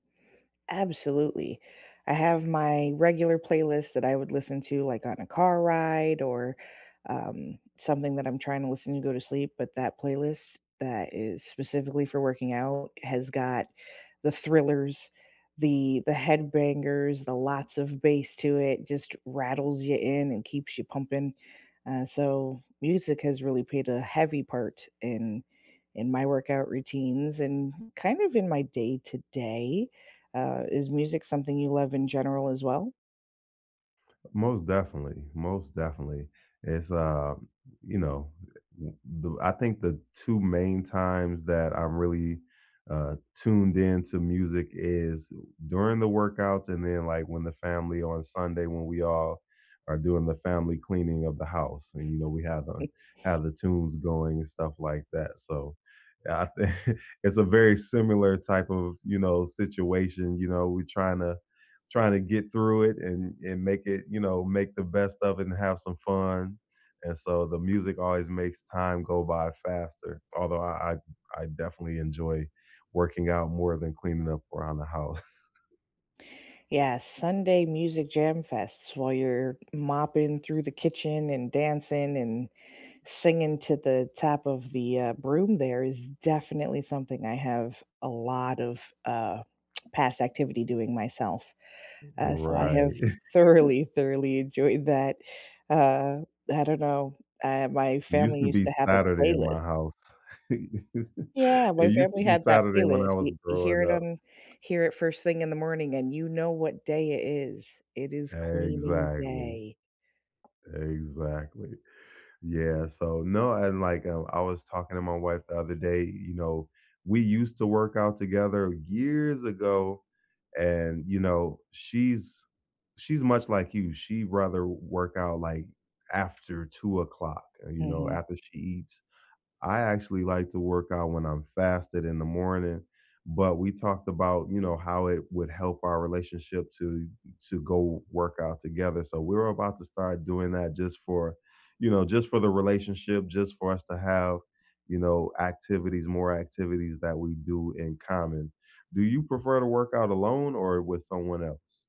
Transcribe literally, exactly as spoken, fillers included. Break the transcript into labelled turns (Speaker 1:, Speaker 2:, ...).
Speaker 1: Absolutely, I have my regular playlist that I would listen to, like, on a car ride or, um, something that I'm trying to listen to go to sleep, but that playlist, that is specifically for working out, has got the thrillers, the the head bangers, the lots of bass to it, just rattles you in and keeps you pumping, uh, so music has really paid a heavy part in in my workout routines and kind of in my day-to-day, uh, is music something you love in general as well?
Speaker 2: Most definitely, most definitely, it's, um, y you know, i m b I think the two main times that I really, uh, tuned in to music is during the workouts and then, like, when the family on Sunday when we all are doing the family cleaning of the house and, you know, we have, uh have the tunes going and stuff like that, so, yeah, I thi it's a very similar type of, you know, situation, you know, we trying to trying to get through it and and make it you know, make the best of it and have some fun, and so, the music always makes time go by faster, although I I I definitely enjoy working out more than cleaning up around the house.
Speaker 1: Yeah, Sunday music jam fests while you're mopping through the kitchen, and dancing, and singing to the top of the, uh, broom there is definitely something I have a lot of, uh, past activity doing myself,
Speaker 2: R
Speaker 1: uh, so I have
Speaker 2: right.
Speaker 1: thoroughly, thoroughly enjoyed that, uh, I don't know, uh, my
Speaker 2: It used
Speaker 1: family
Speaker 2: to
Speaker 1: used
Speaker 2: be
Speaker 1: to have a
Speaker 2: Saturday in my
Speaker 1: playlist.
Speaker 2: house.
Speaker 1: Yeah, my
Speaker 2: It used to
Speaker 1: family
Speaker 2: be
Speaker 1: had that
Speaker 2: Saturday when I
Speaker 1: playlist,
Speaker 2: was
Speaker 1: y you hear
Speaker 2: growing
Speaker 1: it
Speaker 2: up.
Speaker 1: on hear it first thing in the morning and you know what day it is, it is cleaning
Speaker 2: Exactly.
Speaker 1: day.
Speaker 2: Exactly, yeah, so no, and, like, I w I was talking to my wife the other day, you know, we used to work out together years ago, and, you know, she's she's much like you, she'd rather work out like after two o'clock, uh, you know,
Speaker 1: Mhm.
Speaker 2: after she eats, I actually like to work out when I'm fasting in the morning, but we talked about, you know, how it would help our relationship to to go work out together, so we're about to start doing that just for you know, just for the relationship, just for us to have, you know, activities more activities that we do in common, do you prefer to work out alone or with someone else?